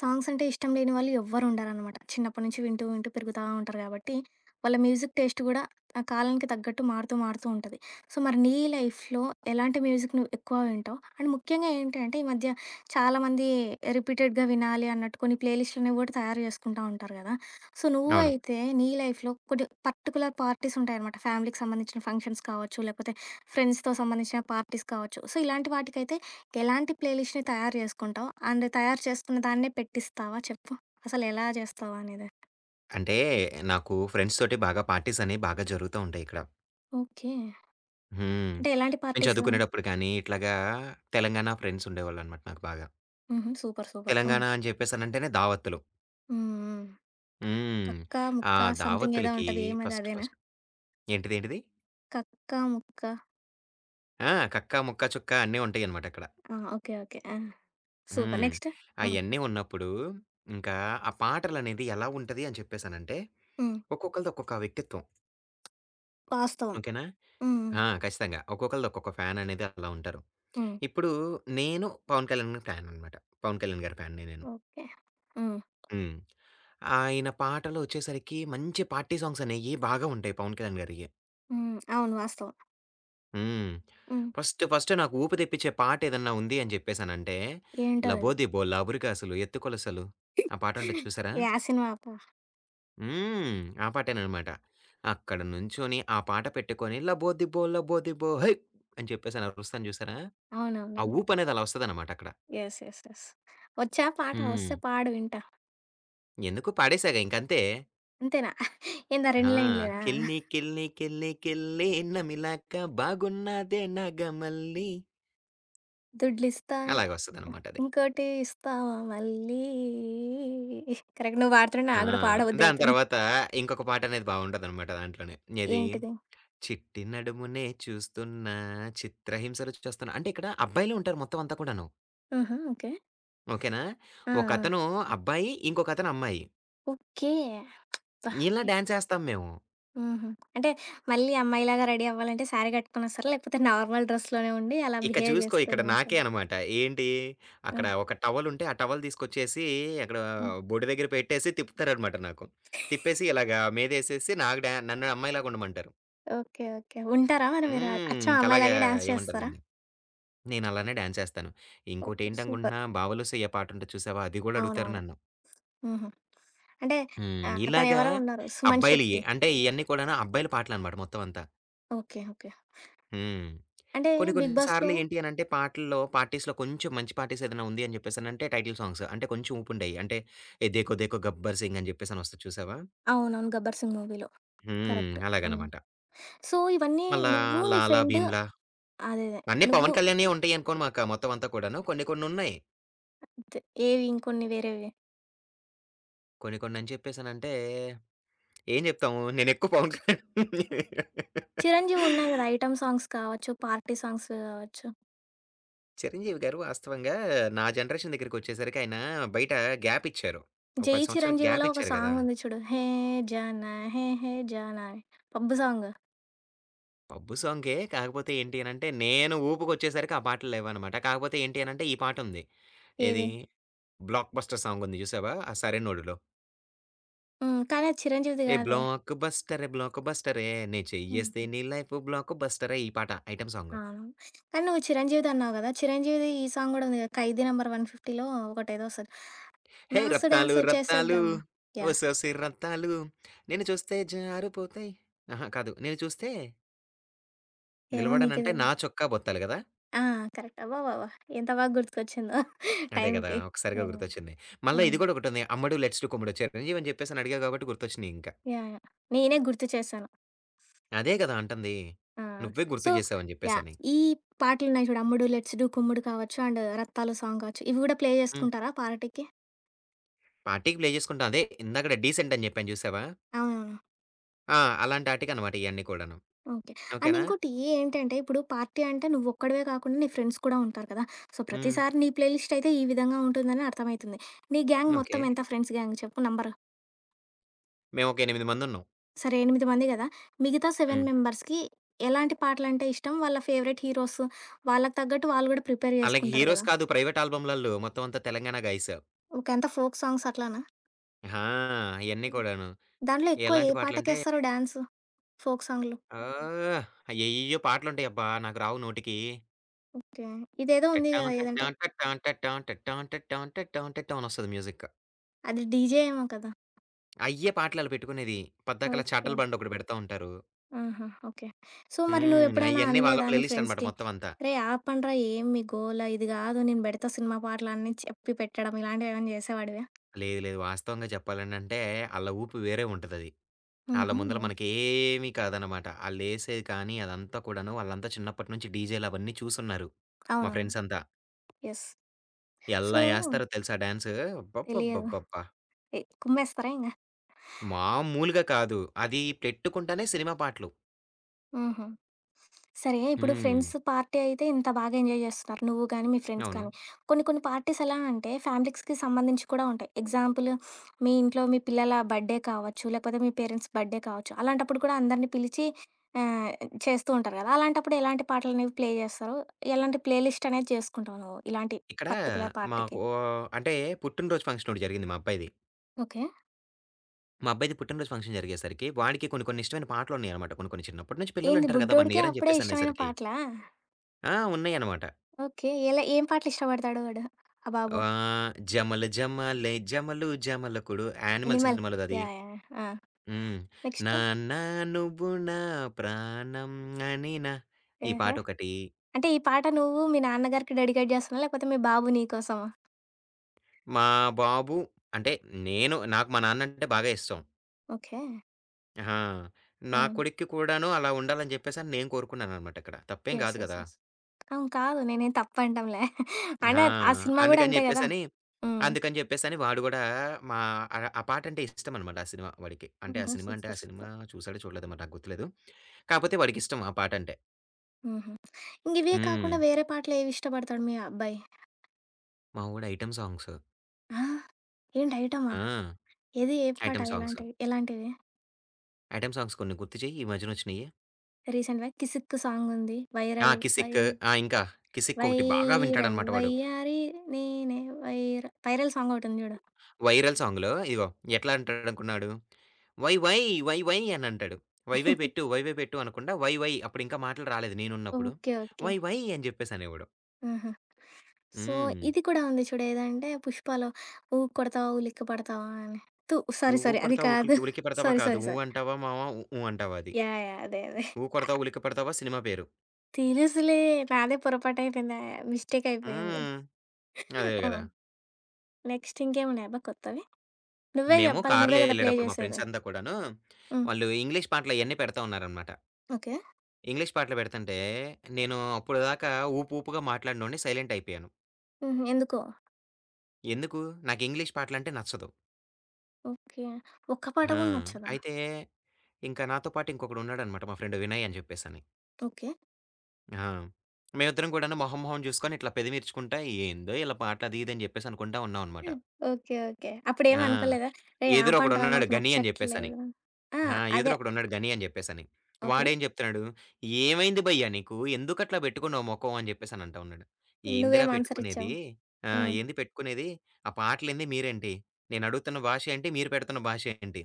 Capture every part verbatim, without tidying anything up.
సాంగ్సంటే ఇష్టం లేని వాళ్ళు ఎవ్వరుండరన్నమాట. చిన్నప్పటి నుంచి వింటూ వింటూ పెరుగుతా ఉంటారు కాబట్టి వాళ్ళ మ్యూజిక్ టేస్ట్ కూడా ఆ కాలానికి తగ్గట్టు మారుతూ మారుతూ ఉంటది. సో, మరి నీ లైఫ్‌లో ఎలాంటి మ్యూజిక్‌ని నువ్వు ఎక్కువ వింటావు? అండ్ ముఖ్యంగా ఏంటి అంటే ఈ మధ్య చాలా మంది ఆహ్, రిపీటెడ్‌గా వినాలి అన్నట్టు కొన్ని ప్లే లిస్టులు కూడా తయారు చేసుకుంటూ ఉంటారు కదా! సో, నువ్వు అవును. అయితే నీ లైఫ్‌లో కొన్ని పర్టిక్యులర్ పార్టీస్ ఉంటాయన్నమాట. ఫ్యామిలీకి సంబంధించిన ఫంక్షన్స్ కావచ్చు, లేకపోతే ఫ్రెండ్స్‌తో సంబంధించిన పార్టీస్ కావచ్చు. సో, ఇలాంటి వాటికైతే ఎలాంటి ప్లే లిస్ట్‌ని తయారు చేసుకుంటావు? అండ్ తయారు చేసుకున్న దాన్నే పెట్టిస్తావా? చెప్పు అసలెలా చేస్తావనేది? అంటే నాకు ఫ్రెండ్స్‌తోటి బాగా పార్టీస్ అని బాగా జరుగుతూ ఉంటాయిక్కడ. ఓకే. హ్మ్. అంటే ఎలాంటి నేను పార్టీస్? చదువుకునేటప్పుడు కానీ ఇట్లాగా తెలంగాణ ఫ్రెండ్సుండేవాళ్ళనమాట నాకు బాగా. హుహు. Super, super. హ్మ్. తెలంగాణ అని చెప్పేసనంటేనే దావత్తులు. హ్మ్. హ్మ్. హ్మ్. కక్క ఆ ముక్క సంథింగ్ ఏదో దావత్తులకి ఉంటది. ఏమది? ఫస్ట్, అదేనా? ఫస్ట్ ఏంటిది? ఏంటిది? కక్కా, ముక్క. ఆ! కక్క, ముక్క, చుక్కా అన్నీ ఉంటాయనమాటక్కడ. ఆ! Okay, okay. ఆ! సూపర్. హ్మ్. నెక్స్టు. హ్మ్. అయన్నీ ఉన్నప్పుడు, ఇంకా ఆ పాటలనేది ఎలా ఉంటది అని చెప్పేసనంటే హ్మ్. ఒక్కొక్కళ్ళది ఒక్కొక్క వ్యక్తిత్వం. వాస్తవం. ఓకేనా? హ్మ్. ఆ! ఖచ్చితంగా. ఒక్కొక్కళ్ళది ఒక్కొక్క ఫ్యాన్ అనేది అట్లా ఉంటారు. హ్మ్. ఇప్పుడు నేను 'పవన్ కళ్యాణ్ గారి' ఫ్యాన్ అన్నమాట. 'పవన్ కళ్యాణ్ గారి' ఫ్యాన్‌ని నేను. ఓకే. హ్మ్. హ్మ్. ఆయన పాటలు ఒచ్చేసరికి మంచి పార్టీ సాంగ్స్ అనేవి బాగా ఉంటాయి 'పవన్ కళ్యాణ్ గారియి'. హ్మ్. అవును. వాస్తవం. హ్మ్. హ్మ్. ఫస్ట్, ఫస్ట్ నాకు ఊపు తెప్పించే పాట ఏదైనా ఉంది అని చెప్పేసానంటే. ఏంటో అది? 'లబోదిబో లాబురికాసులు ఎత్తుకొలసలు' ఆ పాట ఉంటది చూసారా? యా సినిమా అబ్బా? హ్మ్. ఆ పాటేననమాట. అక్కడ నుంచొని ఆ పాట పెట్టుకొని. 'లబోదిబో లబోదిబో హోయ్!' అని చెప్పేసి అని అరుస్తాను చూసారా. ఆ అవునవునవును. ఊపు అనేది అలా ఒస్తదనమాట అక్కడ. యెస్. యెస్. యెస్. ఒచ్చా పాట? వస్తే హ్మ్. పాడు వింటా. ఎందుకు పాడేసాగా ఇంకంతే. అంతేనా? ఏంది ఆ ఆ! రెండు లైనులేనా? కిల్లి కిల్లి కిల్లి కిల్లి నమిలకా బాగున్నదే నాగ మల్లీ. దుడ్లిస్తా అలాగొస్తది అన్నమాట అది. ఇంకోటి ఇస్తావా మళ్ళీ. కరెక్ట్. నువ్వు పాడుతుంటే హా! నాకు కూడా దాని పాడబుద్దయితుంది. తరువాత ఇంకొక పాటనేది బాగుంటది అన్నమాట దాంట్లోనే. ఏది? ఏంటిది? చిట్టి నడుమునే చూస్తున్నా చిత్రహింస రుచి చూస్తున్న అంటే ఇక్కడ అబ్బాయిలే ఉంటారు. మొత్తం అంతా కూడాను. ఆహా! ఓకే. ఓకేనా. ఆ! ఒక ఆ! అతను అబ్బాయి, ఇంకొక అతను అమ్మాయి. ఓకే. అబ్బా! ఇలా డాన్సేస్తాం మేము. ఆహా! అంటే, మళ్ళీ అమ్మాయిలాగా రెడీ అవ్వాలంటే శారీ గట్టుకొని ఒస్తారా? లేపోతే నార్మల్ డ్రెస్‌‌లోనే ఉండి అలా ఇక బిహేవ్ చూసుకో ఇక్కడ జేస్తూనే నాకే ఏస్తారా? అన్నమాట. ఏంటి హ్మ్. అక్కడ ఒక టవలుంటే, ఆ టవల్ తీసుకొచ్చేసి అక్కడా హ్మ్. బొడ్డు దగ్గర పెట్టేసి తిప్పుతారన్నమాట నాకు తిప్పేసి ఇలాగ మీదేసేసి నాకు డా నన్ను అమ్మాయిలాగా ఉండమంటారు. ఓకే. ఓకే. ఉంటారా మరి మీరు? అ హ్మ్. అచ్చం ఇంకలగా అమ్మాయిలాగే డాన్స్ ఏమంటారు చేస్తారా? దీన్ని నేనలానే డాన్సేస్తాను. ఓహ్! సూపర్. ఇంకోటేంటనుకుంటున్నా 'బావలు సయ్య' పాటుంటది చూశావా, అది గూడా అడుగుతారు అవునవును. నన్ను. హుహు. అంటే, హ్మ్. ఆహ్, ఇలాగా అతనెవరో ఉన్నారు 'సుమన్ అబ్బాయిలియే. శెట్టి'. అంటే, ఇయన్నీ కూడాను అబ్బాయిలు పాటలన్నమాట మొత్తం అంతా. ఓకే. ఓకే. హ్మ్. అంటే, కొన్ని 'బిగ్ బాస్‌'లో కొన్నిసార్లు ఏంటి అనంటే పాటల్లో పార్టీస్‌లో కొంచెం మంచి పార్టీస్ ఏదైనా ఉంది అని చెప్పేసనంటే టైటిల్ సాంగ్స్. అంటే కొంచెం ఊపు ఉండేయి. అంటే, 'ఏ దేఖో దేఖో గబ్బర్‌సింగ్,' అని జెప్పేసని ఒస్తది చూశావా? అవునవును. 'గబ్బర్‌సింగ్' మూవీలో హ్మ్. కరెక్ట్. హ్మ్. అలాగనమాట. సో, ఇవన్నీ మళ్ళా, నువ్వు నీ 'లాలా ఫ్రెండు భీమ్లా.' అదే. అదే. అన్నీ నువ్వు పవన్ కళ్యాణ్‌యే ఉంటయి అనుకో మాకా మొత్తం అంతా కూడాను, కొన్ని కొన్నున్నయి. అంతే. ఏవి? ఇంకొన్ని వేరేవి? కొన్ని కొన్ని అని చెప్పేసనంటే ఎం చెప్తాము నేనెక్కువ పవన్ కళ్యాణ్ 'చిరంజీవి' ఉన్నాయి కదా! ఐటెమ్ సాంగ్స్, కావచ్చు, పార్టీ సాంగ్స్ కావచ్చు. 'చిరంజీవి' గారు వాస్తవంగా, నా జనరేషన్ దగ్గరికొచ్చేసరికి ఆయన బయట గ్యాప్ ఇచ్చారు. ఒక 'జై పది సంవత్సరాల గ్యాప్ చిరంజీవలో' ఒక ఇచ్చారు కదా! సాంగ్ ఉంది చూడు. హే! జానా హే! హే! జానా అని, పబ్బు సాంగ్. పబ్బు సాంగే, కాకపోతే ఏంటి అనంటే నేను ఊపుకొచ్చేసరికి ఆ పాటలు లేవనమాట. కాకపోతే ఏంటి అనంటే ఈ పాటుంది. ఏది? ఏది? 'బ్లాక్‌బస్టర్' సాంగ్ ఉంది చూసావా ఆ 'సరైనోడులో'? హ్మ్. కానీ, అది చిరంజీవిది ఏ కాదే. బ్లాకు బస్టరె బ్లాకు బస్టరె, నె చెయ్యి చెయ్యెస్తే హుహు. నీ లైఫు బ్లాకు బస్టరె ఈ పాట, ఐటెమ్ సాంగ్. అవును. కానీ, నువ్వు చిరంజీవిదన్నావు కదా! చిరంజీవిది ఈ సాంగ్ కూడా ఉంది కదా! 'ఖైదీ నంబర్ 150లో' ఒకటి ఏదో వస్తది హే! 'మాస్ రత్తాలు డాన్సు రత్తాలు చేసేద్దాం.' యాహ్! ఒసొసి రత్తాలు నిను చూస్తే జారిపోతాయి ఆహా! కాదు. నిన్ను చూస్తే ఏమో నీకే నిలబడనంటాయి తెలి నా చొక్కా బొత్తాలు కదా! ఆ! కరెక్ట్. అబ్బాబ్బాబ్బా! ఎంత బాగా గుర్తుకొచ్చిందో అదే కదా! టైంకి. ఒక్కసారిగా యాహ్! గుర్తొచ్చింది. మల్ల హ్మ్. ఇది కూడా ఒకటుంది. "అమ్మడు లెట్స్ డు కుమ్ముడు." చిరంజీవి అని చెప్పేసని అడిగావు కాబట్టి గుర్తొచ్చినయి ఇంకా. యాహ్! యాహ్! నేనే గుర్తు చేశాను. అదే కదా! అంటుంది. ఆ! నువ్వే సో గుర్తు చేసావు అని యాహ్! జెప్పేసని. ఈ పాటలున్నాయి చూడు, "అమ్ముడు లెట్స్ డు కుమ్ముడు" కావచ్చు, అండ్ రత్తాలు సాంగ్ కావచ్చు, ఇవి కూడా ప్లే హ్మ్. చేసుకుంటారా పార్టీకి? పార్టీకి ప్లే చేసుకుంటాం. అదే ఇందాకడ డీసెంట్ అని చెప్పాను చూసావా? అవునవును. ఆ! అలాంటి ఆటికి అన్నమాట ఇవన్నీ కూడాను. ఓకే. అండ్ ఓకేనా? ఇంకోటి ఏంటంటే, ఇప్పుడు పార్టీ అంటే నువొక్కడివే కాకుండా నీ ఫ్రెండ్స్ కూడా ఉంటారు కదా! సో, హ్మ్. ప్రతిసారి నీ ప్లే లిస్ట్ అయితే ఈ విధంగా ఉంటుందని అర్థం అవుతుంది. నీ గాంగ్ మొత్తం ఓకే. ఎంత ఫ్రెండ్స్ గాంగ్ చెప్పు నంబర్? మేమొక ఎనిమిది మంది ఉన్నాం. సరే, ఎనిమిది మంది కదా! మిగతా సెవెన్ హ్మ్. మెంబర్స్‌కి ఎలాంటి పాటలు అంటే ఇష్టం? వాళ్ళ ఫేవరైట్ హీరోస్‌, వాళ్లకి తగ్గట్టు వాళ్ళు కూడా ప్రిపేర్ అలాగే చేసుకుంటారు హీరోస్ కదా! కాదు. ప్రైవేట్ ఆల్బమ్లాళ్లు, మొత్తం అంతా తెలంగాణ గైస్. ఓకే, అంత ఫోక్ సాంగ్స్ అట్లనా? ఆ! అయన్ని కూడాను. దాంట్లో ఎక్కువ ఎలాంటి ఏ పాటలంటే పాటకేస్తారు డ్యాన్సు. ఫోక్ సాంగ్‌లో? ఆ! అయ్యెయ్యెయ్యో పాటలు ఉంటాయబ్బా! నాకు రావు నోటికి. ఓకే. ఇదేదో ఉంది కదా! టన్ టన్ ఏదంటే టన్ టన్ టన్ టన్ టన్ టటాం అనొస్తది మ్యూజిక్. అది డీజే ఏమో కదా! అయ్యే పాటలు ఆళ్లు పెట్టుకునేది. పద్దాకల ఓకే. చాటల బ్యాండొకటి పెడతా ఉంటారు. ఆహా! ఓకే. సో మరి హ్మ్. నువ్వెప్పుడైనా అయన్నీ వాళ్ళ అనలేదా నీ ప్లేలిస్ట్ అన్నమాట. ఫ్రెండ్స్‌కి మొత్తం అంతా. "రేయ్ ఆపండ్రా! ఏమి మీ గోల ఇది కాదు. నేను పెడతా సినిమా పాటలు," అని చెప్పి పెట్టడం ఇలాంటివేమైనా చేసేవాడివా? లేదు, లేదు. వాస్తవంగా చెప్పాలనంటే, ఆళ్ళ ఊపు వేరే ఉంటదది. ఆళ్ళ ముందర హుహు. మనకు ఏమి కాదు అన్నమాట. ఆళ్ళేసేది కానీ, అదంతా కూడాను, వాళ్ళంతా చిన్నప్పటి నుంచి డీజేలవన్నీ చూసి ఉన్నారు, మా అవునవును. ఫ్రెండ్స్ అంతా. యెస్. సో ఎలా వేస్తారో తెలుసా డాన్స్! తెలియదు. అబ్బబ్బబ్బబ్బబ్బా! ఎ కుమ్మేస్తారా ఇంగ? మామూలుగా కాదు. అది పెట్టుకుంటేనే సినిమా పాటలు. హుహు. సరే, ఇప్పుడు ఫ్రెండ్స్ హ్మ్. పార్టీ అయితే ఇంత బాగా ఎంజాయ్ చేస్తున్నారు నువ్వు కానీ, మీ ఫ్రెండ్స్ కానీ. అవును. కొన్ని కొన్ని పార్టీస్ ఎలా అంటే ఫ్యామిలీస్‌కి సంబంధించి కూడా ఉంటాయి. ఎగ్జాంపుల్, మీ ఇంట్లో మీ పిల్లల బర్త్‌డే కావచ్చు, లేకపోతే మీ పేరెంట్స్ బర్త్‌డే కావచ్చు. అలాంటప్పుడు కూడా అందరినీ పిలిచి ఆహ్, చేస్తూ ఉంటారు కదా! అలాంటప్పుడు ఎలాంటి పాటలనేవి ప్లే చేస్తారో, ఎలాంటి ప్లే లిస్ట్ అనేది చేసుకుంటావు నువ్వు, ఇలాంటి ఇక్కడ పర్టిక్యులర్ పార్టీకి? మాకో అంటే పుట్టినరోజు ఫంక్షన్ ఒకటి జరిగింది. మా అబ్బాయిది. ఓకే. మా అబ్బాయిది పుట్టినరోజు ఫంక్షన్ జరిగేసరికి వాడికి కొన్ని, కొన్ని ఇష్టమైన పాటలున్నాయనమాట. కొన్ని, కొన్ని చిన్నప్పటి నుంచి ఏంది పిల్లలింటారు కదా! వన్ బుడ్డోడికి ఇయర్ అని అప్పుడే ఇష్టమైన చెప్పేసనేసరికి. పాటలా? ఆ! ఉన్నాయన్నమాట. ఓకే. ఎలా ఏం పాటలిష్టపడతాడు వాడు? ఆ బాబు? ఆహ్, జమల జమ్మాలే జమలు జమలకుడు 'యానిమల్' 'ఎనిమల్' సినిమాలోదది. యాహ్! యాహ్! ఆ! హ్మ్. నెక్స్టు? నాన్న నువ్వు నా ప్రాణం అనినా ఈ ఏహ్! పాటొకటీ అంటే ఈ పాట నువ్వు మీ నాన్న గారికి డెడికేట్ చేస్తున్నావా? లేకపోతే మీ బాబు నీకోసమా? మా బాబు అంటే నేను నాకు మా నాన్నంటే బాగా ఇష్టం. ఓకే. ఆ! నా హ్మ్. కొడుక్కి కూడాను అలా ఉండాలని చెప్పేసని నేను కోరుకున్నాననమాట అక్కడ. తప్పేం యెస్, కాదు యెస్, కదా! యెస్. అవును. కాదు, నేనేం తప్పంటంలే. అయిన ఆ! ఆ సినిమా కూడా అందుకని అంతే కదా! చెప్పేసని, హ్మ్. అందుకని చెప్పేసని వాడు కూడా మా ఆహ్, గ ఆ పాట అంటే ఇష్టం అనమాట. ఆ సినిమా వాడికి. అంటే ఆ ఓహో! సినిమా అంటే, ఆ సూపర్, సినిమా సూపర్. చూసాడో చూడలేదో నాకు గుర్తులేదు. కాకపోతే వాడికిష్టం ఆ పాటంటే. హుహు. ఇంకివే కాకుండా హ్మ్. వేరే పాటలు ఏవి ఇష్టపడతాడు మీ అబ్బాయి? మా వోడు ఐటెమ్ సాంగ్స్. ఆ! ఏంటి ఐటెమా? ఆ! ఏది ఏ పాట ఐటెమ్ సాంగ్స్. ఎలాంటి ఎలాంటిది? ఐటెమ్ సాంగ్స్ కొన్ని గుర్తు చెయ్. ఈ మధ్యనొచ్చినయి. రీసెంట్‌‌గా 'కిసిక్' సాంగ్ ఉంది, ఆ! వైరల్ వై 'కిసిక్' ఆ! ఇంకా 'కిసిక్' ఒకటి బాగా వైరల్ వింటాడనమాట వాడు. వైయారి నేనే, 'వైరల్ వైరల్' సాంగ్ ఒకటి ఉంది చూడు. వైరల్ సాంగ్‌లో ఇదిగో ఎట్లా అంటాడు అనుకున్నాడు. 'వై, వై, వై, వై' అని అంటాడు. "వైవై పెట్టు, వైవై పెట్టు" అనకుండా 'వై వై' అని ఇంకా మాటలు రాలేదు నేనున్నప్పుడు. ఓకే. ఓకే. "వై వై" అని చెప్పేసనేవాడు. ఆహా! సో, హ్మ్. ఇది కూడా ఉంది చూడు ఏదంటే 'పుష్పాలో', 'ఊ కొడతావా ఉలిక్కిపడతావా' అని. తు! సారీ, 'ఊ సారీ. అది కొడతావ ఊ కాదు. ఉడికి పెడతావా' సారీ, కాదు. సారీ, 'ఊ సారీ. అంటావా మామ ఊఊ అంటావా' అది. యాహ్! యాహ్! అదే. అదే. 'ఊ కొడతావ, ఉలిక పడతావా' సినిమా పేరు. తెలుసులే. నాదే పొరపాటయిపోయింది. మిస్టేక్ అయిపోయింది. హ్మ్. అదే ఆ! కదా! నెక్స్ట్ ఇంకేమున్నాయబ్బా కొత్తవి? నువ్వే మేము చెప్పాలి. నువ్వే కారులో కదా ప్లే వెళ్ళేటప్పుడు మా చేసేది. ఫ్రెండ్స్ అంతా కూడాను హ్మ్. వాళ్ళు ఇంగ్లీష్ పాటలయన్ని పెడతా ఉన్నారన్నమాట. ఓకే. ఇంగ్లీష్ పాటలు పెడుతుంటే నేను అప్పుడుదాకా ఊపుపుగా మాట్లాడినోడిని సైలెంట్ అయిపోయాను. హుహు. ఎందుకో? ఎందుకు? నాకు ఇంగ్లీష్ పాటలంటే నచ్చదు. ఓకే. ఒక్క పాట ఆ! కూడా నచ్చదా? అయితే ఇంక నాతో పాటు ఇంకొకడున్నాడన్నమాట, మా ఫ్రెండ్ వినయ్ అని చెప్పేసని. ఓకే. హా! మేమిద్దరం కూడాను మొహం మొహం చూసుకొని ఇట్లా పెదెం ఇర్చుకుంటా ఏందో ఈళ్ళ పాటలు అది ఇదని జెప్పేసనుకుంటా ఉన్నాం అనమాట. హ్మ్. ఓకే. ఓకే. అప్పుడేం ఆ! అనుకోలేదా ఏయ్! ఆపండిరా ఎదురొకడున్నాడు మాకు గని అని జెప్పేసని. నచ్చట్లేదు? ఆ! ఆ! ఎదురు అదే. ఒకడున్నాడు గని అని జెప్పేసని ఓకే. వాడేం జెప్తున్నాడు, "ఏమైంది భయ్యా నీకు? ఎందుకు అట్లా బెట్టుకున్నావు మొఖం?" అని జెప్పేసని అంటా ఉన్నాడు. ఏందిరా నువ్వేమాన్సరిచ్చావు? పెట్టుకునేది ఆ! హ్మ్. ఏంది పెట్టుకునేది ఆ పాటలేంది? మీరేంటి? నేనడుగుతున్న భాష ఏంటి? మీరు పెడుతున్న భాష ఏంటి?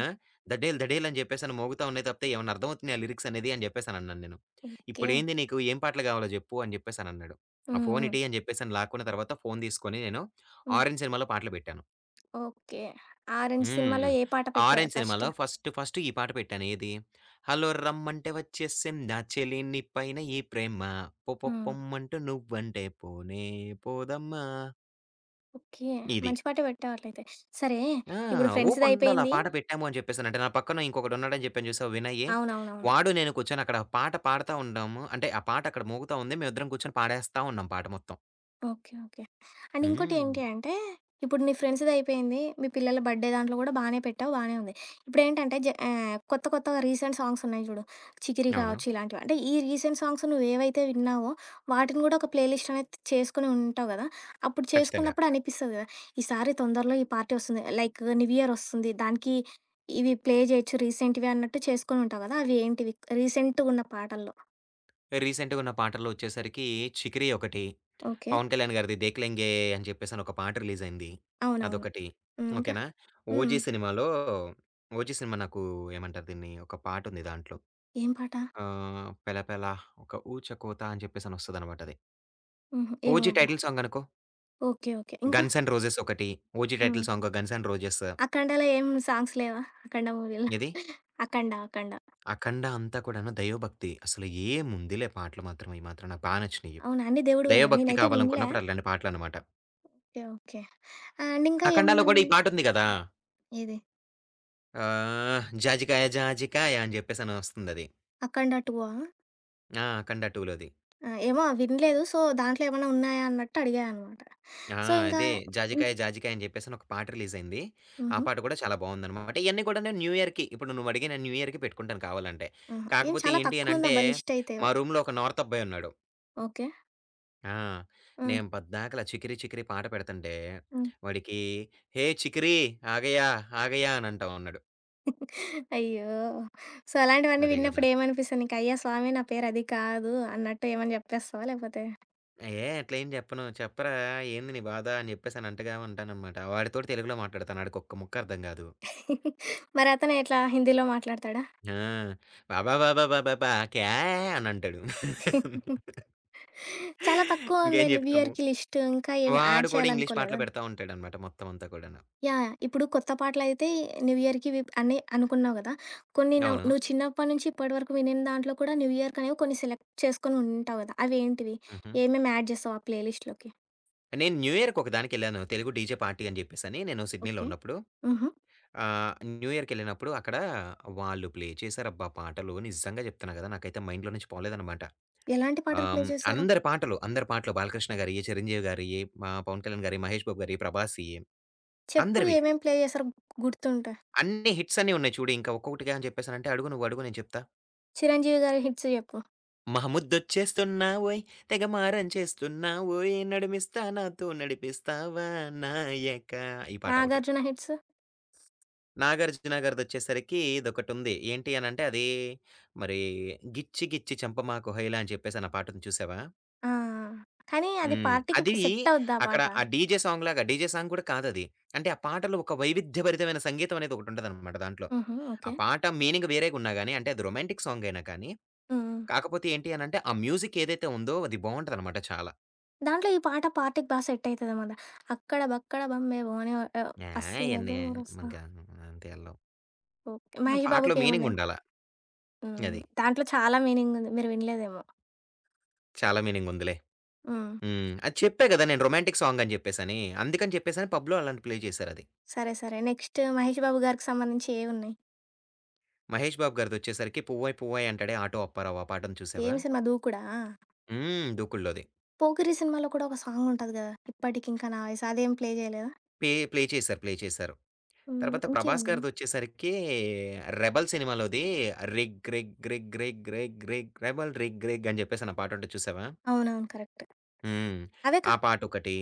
ఆ! ధడేల్ ధడేల్ అని జెప్పేసని మోగుతా ఉన్నాయి తప్పితే, ఏవన్నా అర్ధమవుతున్నయా లిరిక్సనేది అని జెప్పేసనన్నాను నేను. ఓకే. "ఇప్పుడేంది నీకు ఏం పాటలు గావాలో జెప్పు" అని జెప్పేసనన్నాడు. ఆ హ్మ్. హ్మ్. ఫోనిటీ అని జెప్పేసని లాక్కున్న తరువాత ఫోను తీసుకొని నేను హ్మ్. 'ఆరెంజ్' సినిమాలో పాటలు బెట్టాను. ఓకే. హ్మ్. 'ఆరెంజ్' సినిమాలో హ్మ్. ఏ పాట పెట్టారు ఆరెంజ్ ఫస్టు. సినిమాలో ఫస్ట్ ఫస్టు ఈ పాట పెట్టాను ఏది, హల్లో రమ్మంటే ఒచ్చేసిందా చెలి నీ పైన ఈ ప్రేమ. పొపొ ఆ! పొమ్మంటు నువ్వంటే పోనే పోదమ్మా! ఓకే. ఇది. మంచి పాటే పెట్టారులే అయితే. సరే ఆ! ఇప్పుడు ఫ్రెండ్స్‌ది ఊపుండాలా అయిపోయింది. పాట బెట్టాము అని జెప్పేసనంటే. నా పక్కన ఇంకొకడున్నాడు అని జెప్పాను చూశావా వినయ్యి, అవునవునవును. వాడు నేను కూర్చొని అక్కడ పాట పాడతా ఉండాము అంటే, ఆ పాట అక్కడ మోగుతా ఉంది మేము ఇద్దరం కూర్చొని పాడేస్తా ఉన్నాం పాట మొత్తం. Okay, okay. అండ్ ఇంకోటి ఏంటి హ్మ్. అంటే, ఇప్పుడు ని ఫ్రెండ్స్‌దయిపోయింది, మీ పిల్లల బర్త్‌డే దాంట్లో కూడా బానే పెట్టావు, బానే ఉంది. ఇప్పుడేంటంటే, జ ఆహ్, కొత్త కొత్తగా రీసెంట్ సాంగ్స్ ఉన్నాయి చూడు, చికిరి అవును. కావచ్చు ఇలాంటివ అంటే ఈ రీసెంట్ సాంగ్స్ నువ్వేవైతే విన్నావో, వాటిని కూడా ఒక ప్లే లిస్ట్ అనేది చేసుకొని ఉంటావు గదా! అప్పుడు ఖచ్చితంగా. చేసుకున్నప్పుడు అనిపిస్తది కదా! ఈసారి తొందరలో ఈ పార్టీ వస్తుంది, లైకు న్యూ ఇయర్ వస్తుంది. దానికి ఇవి ప్లే చేయొచ్చు, రీసెంట్‌గా అన్నట్టు చేసుకొని ఉంటావు కదా! అవి ఏంటివి? రీసెంట్‌గున్న పాటల్లో. రీసెంటుగున్న పాటల్లో వచ్చేసరికి 'చికిరి' ఒకటి, ఓకె. పవన్ కళ్యాణ్ గారిది 'దేఖ్ లెంగే' అని చెప్పేసి ఒక పాట రిలీజ్ అయింది, అవునవును. అదొకటి. హ్మ్, ఇంక? ఓకె నా? హ్మ్. 'ఓజి' సినిమాలో, 'ఓజి' సినిమా నాకు ఏమంటారు దీన్ని, ఒక పాటుంది దాంట్లో. ఏం పాట? ఆహ్, 'పెలపల ఒక ఊచకోత' అని చెప్పేసనొస్తదనమాటది. హుహు, ఏమో 'ఓజి' అబ్బ! టైటిల్ సాంగ్ అనుకో. Okay, okay. ఇంకా? 'గన్స్ అండ్ రోజెస్' ఒకటి, 'ఓజి' టైటిల్ హుహు. సాంగు 'గన్స్ అండ్ రోజెస్' 'అఖండ'లో ఏం సాంగ్స్ లేవా? 'అఖండ' మూవీలో ఏది? 'అఖండ', 'అఖండ'. అఖండా అంతా కూడాను దైవభక్తి, అసలు ఏం ఉందిలే పాటలు మాత్రం! అయి మాత్రం నాకు బా నచ్చినయి. అవునా? అన్ని దైవ దేవుడివేనా? భక్తి నేనైతే వినలే. కావాలనుకున్నప్పుడు అట్లాంటి పాటలన్నమాట. Okay, okay. అండ్ ఇంకా 'అఖండా'లో కూడా ఈ ఏముందండి? పాట ఉంది కదా! ఏది? ఆహ్, 'జాజికాయ జాజికాయ' అని చెప్పేసి అని వస్తుందది. 'అఖండ 2' ఆ? ఆ! 'అఖండ 2' లోది. ఆహ్, ఏమో వినలేదు. సో, దాంట్లో ఏమన్నా ఉన్నాయా అన్నట్టు అడిగా అన్నమాట. ఆ! సో, ఇంకా, అదే. ఇంక 'జాజికాయ జాజికాయ' అని చెప్పేసి ఒక పాట రిలీజ్ అయింది. ఆ హుహు. పాట కూడా చాలా బాగుంది అన్నమాట. ఇవన్నీ కూడా నేను న్యూ ఇయర్‌కి ఇప్పుడు నువ్వు అడిగావు నేను న్యూ ఇయర్‌కి పెట్టుకుంటాను. కావాలి అంటే, ఆహా! ఏం! కాకపోతే చాలా ఏంటి అని తక్కువ అంటే ఉందబ్బా లిస్టయితే. మా రూమ్‌లో ఒక నార్తబ్బాయున్నాడు. ఓకే. ఆ! ఆ! నేను పద్దాకల 'చికిరి చికిరి' పాట పెడుతుంటే హ్మ్. వాడికి, "హే చికిరి, ఆగయా ఆగయా" అనంటా ఉన్నాడు. అయ్యో! సో, అలాంటివన్నీ అదే కదా! విన్నప్పుడు ఏమనిపిస్తుంది నీకు? అయ్యా స్వామి, నా పేరది కాదు అన్నట్టు ఏమైనా చెప్పేస్తావా? లేపోతే ఆహ్, ఏయ్! అట్లా ఎం చెప్పను చెప్పరా ఏంది నీ బాధ అని చెప్పేసనంటగా ఉంటాననమాట. వాడితోటి తెలుగులో మాట్లాడతాను. ఆడికొక్క ముక్కర్థం కాదు. మరతను ఎట్లా హిందీలో మాట్లాడుతాడా? ఆ! బాబాబాబాబాబా "క్యాహే" అనంటాడు. చాలా తక్కువ ఉంది ఇంకేం న్యూ చెప్తాము. ఇయర్‌కి లిస్ట్ ఇంకా ఏమి యాడ్ వాడు కూడా ఇంగ్లీష్ పాటలు చేయాలనుకోలేదా? పెడతా ఉంటాడన్నమాట మొత్తం అంతా కూడాను. యాహ్! యహ్! ఇప్పుడు కొత్త పాటలయితే న్యూ ఇయర్‌కి ఇవి ప్ అనుకున్నావు కదా! కొన్ని నవ్ అవును. నువ్వు చిన్నప్పటి నుంచి ఇప్పటి వరకు వినీన దాంట్లో కూడా న్యూ ఇయర్‌కి అనేవి కొన్ని సెలెక్ట్ చేసుకొని ఉంటావు కదా. అవి ఏంటివి? హుహు. ఏమేమి యాడ్ చేస్తావు ఆ ప్లే లిస్ట్‌లోకి? నేను న్యూ ఇయర్‌కొక దానికి వెళ్ళాను. తెలుగు డీజే పార్టీ అని చెప్పేసని నేను సిడ్నీలో ఓకే. ఉన్నప్పుడు, హుహు. ఆహ్, న్యూ ఇయర్‌కెళ్ళినప్పుడు అక్కడ వాళ్ళు ప్లే చేశారబ్బా! పాటలు నిజంగా చెప్తున్నా కదా! నాకైతే మైండ్‌లో నుంచి పోలేదన్నమాట. ఎలాంటి పాటలు ప్లే ఆహ్, చేసారు? అందరి పాటలు, అందరి పాటలు బాలకృష్ణ గారియ్యి, చిరంజీవి గారియ్యి, ఆహ్, పవన్ కళ్యాణ్ గారియ్యి, మహేష్ బాబు గారియ్యి, ప్రభాసియ్యి చెప్పు అందరివి. ఏమేం ప్లే చేసారో గుర్తుంటే. అన్ని హిట్సన్నీ ఉన్నాయి చూడు. ఇంకా ఒక్కొకటికే అని చెప్పేసాను అంటే అడుగు నువ్వు అడుగు నేను చెప్తా. 'చిరంజీవి' గారి హిట్స్ జెప్పు. మహముద్చేస్తున్నావోయ్ తెగమారం చేస్తున్నావోయ్ నడుమిస్తా నాతో నడిపిస్తావా నాయకా ఈ పాటొకటి. 'నాగార్జున' హిట్స్? 'నాగార్జున' గారిదొచ్చేసరికి ఇదొకటి ఉంది. ఏంటి అని అంటే అదీ మరీ 'గిచ్చి గిచ్చి చంపమాకు హొయ్‌లా' అని చెప్పేసి అన్న పాటుంది చూసావా? ఆ! కానీ అది హ్మ్. పార్టీకి అదీ సెట్ అవ్వుద్దా ఆ అక్కడ పాట? ఆ డీజే సాంగ్‌లాగా, డీజే సాంగ్ కూడా కాదు అది. అంటే ఆ పాటలో ఒక వైవిధ్యభరితమైన సంగీతం అనేదొకటుంటదన్నమాట దాంట్లో. హుహు. ఆ ఓకే. పాట మీనింగ్ వేరేగున్నా గాని, అంటే అది రొమాంటిక్ సాంగైనా కానీ, హ్మ్. హ్మ్. కాకపోతే ఏంటి అని అంటే ఆ మ్యూజిక్ ఏదైతే ఉందో అది బావుంటదన్నమాట చాలా. దాంట్లో ఈ పాట పార్టీకి బా సెట్ అయితదేమో గదా! 'అక్కడ బక్కడ బంబై బో' అని ఓ యాహ్, అస్సీ ఇయన్నీ మనకి [unintelligible] అ అంత ఎల్లవు. ఓకే. 'మహేష్ పాటలో బాబుకి' ఏమున్నాయి? మీనింగుండాల. హ్మ్. అది. దాంట్లో చాలా మీనింగుంది. మీరు వినలేదేమో! చాలా మీనింగుందిలే. హ్మ్. హ్మ్. అది చెప్పా గదా! నేను రొమాంటిక్ సాంగని జెప్పేసని. అందుకని చెప్పేసని పబ్‌లో అలాంటి ప్లే చేసారది. సరే. సరే. నెక్స్ట్ 'మహేష్ బాబు' గారికి సంబంధించి ఏవున్నాయి? 'మహేష్ బాబు' గారిదొచ్చేసరికి 'పువ్వాయ్ పువ్వాయ్ అంటాడే ఆటో అప్పారావు' ఆ పాటుంది చూసావా? ఏమి సినిమా 'దూకుడా'? హ్మ్. 'దూకుడులోది'. 'పోకిరి' సినిమాలో కూడా ఒక సాంగుంటది కదా! 'ఇప్పటికింకా నా వయసు' అదేమి ప్లే చేయలేదా? పే ప్లే చేసారు. ప్లే చేశారు. హ్మ్. తర్వాత 'ప్రభాస్' ఇంకేమున్నాయి? గారిదొచ్చేసరికి 'రెబెల్' సినిమాలోది రిగ్ రిగ్ రిగ్ రిగ్ రిగ్ రిగ్ రెబెల్ రిగ్ రిగ్ అని చెప్పేసని ఆ పాటుంటది చూసావా? అవునవును. కరెక్టు. హ్మ్. అవే కా ఆ పాటొకటి,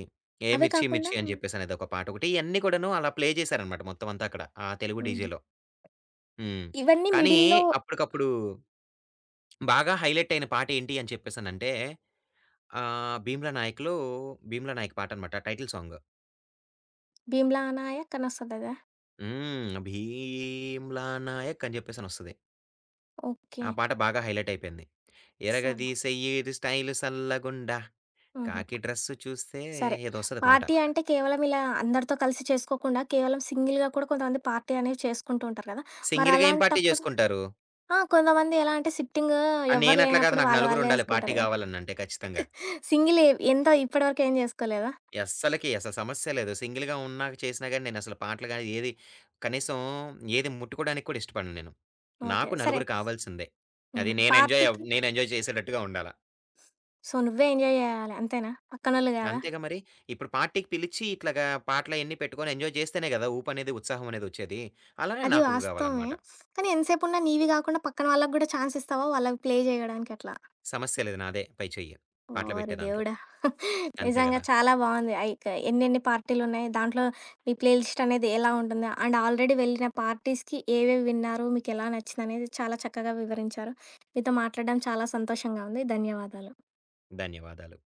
'ఏ అవే మిర్చి కాకుండా మిర్చి' అని చెప్పేసనేది ఒక పాటొకటి, ఇయన్ని కూడాను అలా ప్లే చేసారన్నమాట మొత్తం అంతా అక్కడ, ఆ తెలుగు హుహు. డీజేలో. హ్మ్. ఇవన్నీ కానీ, మిడిల్‌లో అప్పటికప్పుడు బాగా హైలైట్ అయిన పాట ఏంటి అని చెప్పేసనంటే ఆహ్, 'భీమ్లా నాయక్‌లో' భీమ్లా నాయక్ పాట అనమాట టైటిల్ సాంగు. 'భీమ్లా నాయక్' అనొస్తది అదా? హ్మ్. భీమ్లా నాయక్ అని చెప్పేసనొస్తది. ఓకే. ఆ పాట బాగా హైలైటయిపోయింది. సరే. ఇరగదిసేయ్యి ఇది స్టైల్ సల్లగుండా హుహు. కాకి డ్రెస్ చూస్తే సరే, ఏదో వస్తది పాట. పార్టీ అంటే కేవలం ఇలా అందరితో కలిసి చేసుకోకుండా, కేవలం సింగిల్‌గా కూడా కొంతమంది పార్టీ అనేవి చేసుకుంటూ ఉంటారు కదా! సింగిల్‌గా ఏం పార్టీ మరలాంటప్పుడు చేసుకుంటారు? ఆ! కొంతమంది ఎలా అంటే, సిట్టింగు ఎవరు నేనట్లా కాదు. లేనప్పుడు నాకు వాళ్ళ నలుగురు వాళ్ళే ఉండాలి పార్టీ ఏసుకుంటారు కదా! గావాలనంటే ఖచ్చితంగా. సింగిలు ఎంతో ఇప్పటి వరకు ఏం జేసుకోలేదా? అస్సలకి అసలు సమస్యే లేదు. సింగిల్‌గా ఉన్నాక చేసినా గాని, నేనసలు పాటలు గాని, ఏది కనీసం ఏది ముట్టుకోవడానికి కూడా ఇష్టపడను నేను. ఓకే. నాకు సరే. నలుగురు కావాల్సిందే. అది హుహు. నేనెంజాయ్, పార్టీకి నేనెంజాయ్ చేసేటట్టుగా ఉండాల. సో, నువ్వే ఎంజాయ్ చేయాల అంతేనా? పక్కనోళ్ళు కాదా? అంతేగా మరి! ఇప్పుడు పార్టీకి పిలిచి ఇట్లాగా పాటలయన్నీ పెట్టుకొని ఎంజాయ్ చేస్తేనే కదా! ఉపనేది, ఉత్సాహం అనేది వచ్చేది. అలాగే అది నాకు వాస్తవమే. కావాలన్నమాట. కానీ, ఎంత సేపున్న నీవి కాకుండా పక్కన వాళ్ళకి గాడా చాన్స్ ఇస్తావా వాళ్ళకి ప్లే చేయడానికి అట్లా? సమస్యే లేదు. నాదే పై చెయ్యి పాటలు ఓరి పెట్టే దాంట్లో. దేవుడా! అంతే నిజంగా కదా! చాలా బావుంది! అయికే ఎన్నెన్ని పార్టీలున్నాయి దాంట్లో మీ ప్లే లిస్ట్ అనేది ఎలా ఉంటుంది? అండ్, ఆల్రెడీ వెళ్ళిన పార్టీస్‌కి ఏవేవి విన్నారు, మీకెలా నచ్చిందనేది చాలా చక్కగా వివరించారు. మీతో మాట్లాడడం చాలా సంతోషంగా ఉంది. ధన్యవాదాలు. ధన్యవాదాలు.